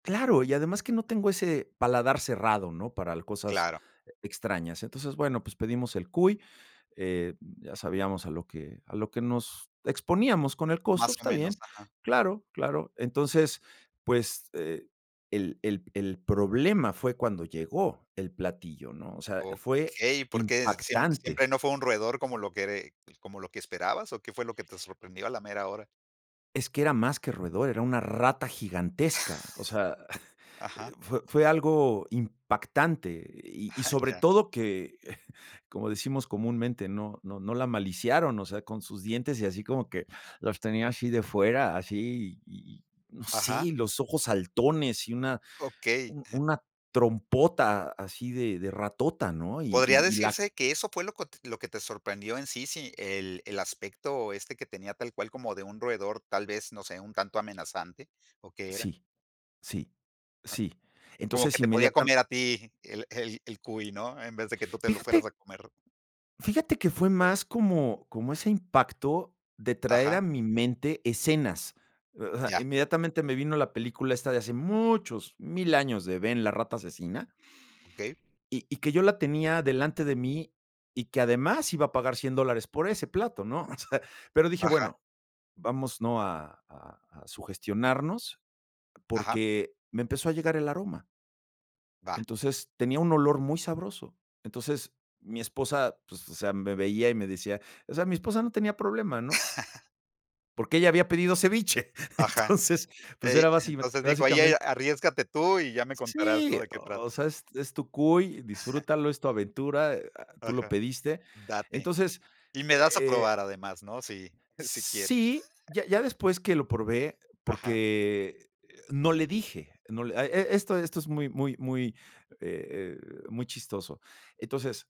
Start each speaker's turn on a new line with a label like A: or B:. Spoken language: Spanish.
A: Claro, y además que no tengo ese paladar cerrado, ¿no? Para l cosas
B: Claro.
A: extrañas. Entonces, bueno, pues pedimos el cuy, eh, ya sabíamos a lo que a lo que nos exponíamos con el costo,
B: Más
A: pues
B: o
A: está
B: menos,
A: bien.
B: ajá.
A: Claro, claro. Entonces, pues, eh, el el el problema fue cuando llegó el platillo, ¿no? O sea, fue
B: Okey, ¿por qué siem
A: impactante.
B: siempre no fue un roedor como lo quere pues como lo que esperabas o qué fue lo que te sorprendió a la mera hora?
A: Es que era más que roedor, era una rata gigantesca, o sea,
B: Ajá.
A: fue fue algo impactante y y
B: Ah,
A: sobre
B: ya.
A: todo que, como decimos comúnmente, no no no la maliciaron, o sea, con sus dientes y así como que los tenía así de fuera, así y no sé, y
B: Ajá.
A: los ojos saltones y una
B: Okey.
A: una trompota así de de ratota, ¿no? Y
B: Podría
A: y y la
B: decirse que eso fue lo cot lo que te sorprendió en sí, sí, el el aspecto, este, que tenía tal cual como de un roedor, tal vez, no sé, un tanto amenazante, ¿o que era?
A: Sí, sí, sí.
B: Como
A: Entonces
B: que te podía
A: inmediata
B: comer a ti el el el cuy, ¿no? En vez de que tú te lo fueras
A: Fíjate
B: a comer.
A: Fíjate que fue más como como ese impacto de traer
B: Ajá.
A: a mi mente escenas. O sea,
B: Ya.
A: inmediatamente me vino la película esta de hace muchos 1000 años, de Ben, la rata asesina
B: Okey.
A: y y que yo la tenía delante de mí y que además iba a pagar $100 dólares por ese plato, ¿no? O sea, pero dije:
B: Ajá.
A: "Bueno, vamos, ¿no? A a a sugestionarnos"
B: Ajá.
A: porque me empezó a llegar el aroma.
B: Va.
A: Entonces, tenía un olor muy sabroso. Entonces, mi esposa, pues, o sea, me veía y me decía o sea, mi esposa no tenía problema, ¿no? Porque ella había pedido ceviche.
B: Ajá.
A: Entonces, pues
B: Ey,
A: era basi
B: entonces dijo, ahí a
A: básicamente
B: arriésgate tú y ya me contarás, ¿no?
A: Sí,
B: De qué
A: o
B: trata.
A: sea, es es tu cuy, disfrútalo, es tu aventura, ah, tú lo
B: Ajá,
A: pediste.
B: date.
A: Entonces,
B: Y me das a
A: eh
B: probar además, ¿no? Sí, sí quieres.
A: Sí, ya ya después que lo probé,
B: Ajá.
A: porque no le dije, no le e e esto esto es muy muy muy, eh, eh, muy chistoso. Entonces